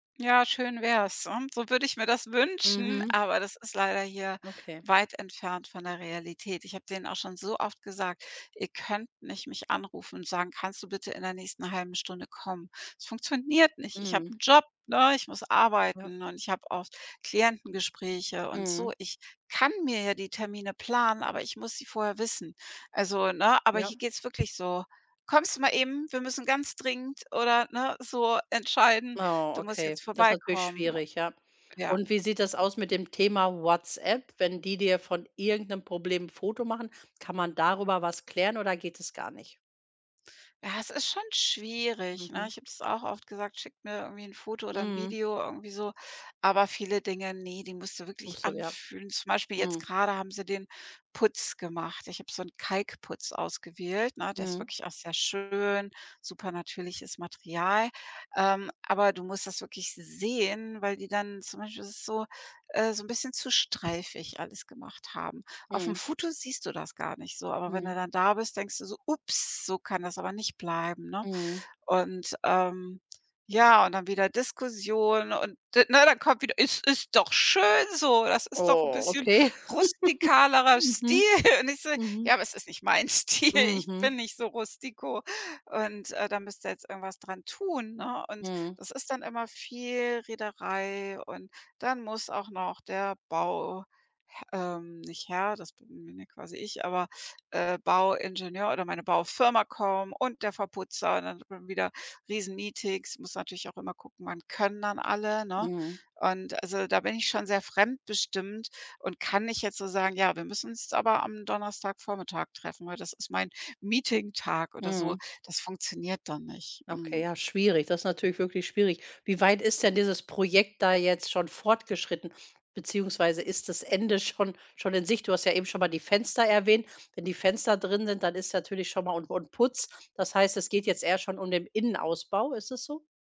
Ja, schön wär's, und so würde ich mir das wünschen, Mhm. aber das ist leider hier Okay. weit entfernt von der Realität. Ich hab denen auch schon so oft gesagt: „Ihr könnt nicht mich anrufen und sagen: ‚Kannst du bitte in der nächsten halben Stunde kommen?‘“ Es funktioniert nicht. Ich habe Mhm. 'n Job, ne, ich muss Ja. arbeiten und ich habe auch Klientengespräche und so. Mhm. Ich kann mir ja die Termine planen, aber ich muss sie vorher wissen. Also, ne? Aber Ja. hier geht's wirklich so: „Kommst du mal eben, wir müssen ganz dringend,“ oder ne? So entscheiden, Oh, du musst okay, jetzt das ist natürlich vorbeikommen schwierig, ja. ja. Und wie sieht das aus mit dem Thema WhatsApp, wenn die dir von irgend 'nem Problem 'n Foto machen? Kann man darüber was klären oder geht das gar nicht? Ja, es ist schon schwierig, ne? Mhm. Ich habe das auch oft gesagt: „Schickt mir irgendwie 'n Foto oder 'n Mhm. Video irgendwie so“, aber viele Dinge, ne, die musst du Ach wirklich so, ja. anfühlen. Zum Beispiel jetzt Mhm. grade haben sie den Putz gemacht. Ich hab so 'n Kalkputz ausgewählt, ne? Der ist Mhm. wirklich auch sehr schön, supernatürliches Material. Ähm, aber du musst das wirklich sehen, weil die dann zum Beispiel ist es so, äh, so 'n bisschen zu streifig alles gemacht haben. Auf 'm Mhm. Foto siehst du das gar nicht so, aber wenn Mhm. du dann da bist, denkst du so: „Ups, so kann das aber nicht bleiben, ne?“ Mhm. Und, ähm, ja, und dann wieder Diskussion und d ne, dann kommt wieder: „Es ist doch schön so, das ist doch 'n Oh, bisschen okay. rustikalerer Stil.“ Mhm. Und ich so: „Ja, Mhm. aber es ist nicht mein Stil, ich bin Mhm. nicht so rustiko und, äh, da müsst ihr jetzt irgendwas dran tun“, ne? Und Mhm. das ist dann immer viel Rederei, und dann muss auch noch der Bauh h ähm, nicht Herr, das bin bin ja quasi ich, aber, äh, Bauingenieur oder meine Baufirma kommen und der Verputzer und dann hat man wieder Riesenmeetings. Muss natürlich auch immer gucken, wann können dann alle, ne? Mhm. Und also da bin ich schon sehr fremdbestimmt und kann nicht jetzt so sagen: „Ja, wir müssen uns jetzt aber am Donnerstagvormittag treffen, weil das ist mein Meeting-Tag“, oder so. Mhm. Das funktioniert dann nicht. Okay, Mhm. ja schwierig, das ist natürlich wirklich schwierig. Wie weit ist denn dieses Projekt da jetzt schon fortgeschritten, beziehungsweise ist das Ende schon schon in Sicht? Du hast ja eben schon mal die Fenster erwähnt. Wenn die Fenster drin sind, dann ist natürlich schon mal und und Putz. Das heißt, es geht jetzt eher schon um den Innenausbau. Ist das so?